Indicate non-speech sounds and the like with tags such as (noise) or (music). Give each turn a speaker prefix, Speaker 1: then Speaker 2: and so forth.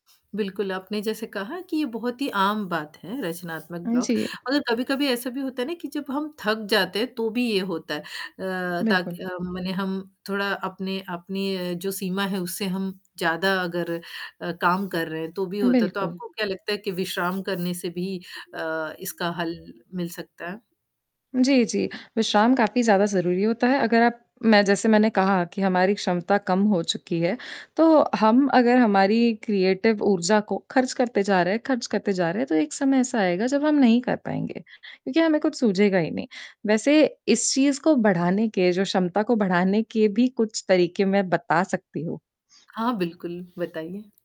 Speaker 1: (sniffs) बिल्कुल, आपने जैसे कहा कि ये बहुत ही आम बात है, रचनात्मक
Speaker 2: हुँ,
Speaker 1: ब्लॉक
Speaker 2: जी।
Speaker 1: और कभी-कभी ऐसा भी होता है ना कि जब हम थक जाते हैं तो भी ये होता है अ,
Speaker 2: बिल्कुल।
Speaker 1: ताकि मने हम थोड़ा अपने अपनी अ, जो सीमा है उससे हम ज़्यादा अगर अ, वो काम कर रहे हैं तो भी होता है तो
Speaker 2: बिल्कुल।
Speaker 1: आपको क्या लगता है कि अ, विश्राम करने से भी अ, इसका हल मिल सकता है?
Speaker 2: जी, जी, विश्राम काफ़ी ज़्यादा ज़रूरी होता है। अगर आप मैं जैसे मैंने कहा कि हमारी क्षमता कम हो चुकी है तो हम अगर हमारी क्रिएटिव ऊर्जा को खर्च करते जा रहे हैं, खर्च करते जा रहे हैं तो एक समय ऐसा आएगा जब हम नहीं कर पाएँगे क्योंकि हमें कुछ सूझेगा ही नहीं। वैसे इस चीज़ को बढ़ाने के जो क्षमता को बढ़ाने के भी कुछ तरीके मैं बता सकती हूँ।
Speaker 1: हाँ, बिल्कुल, बताइए।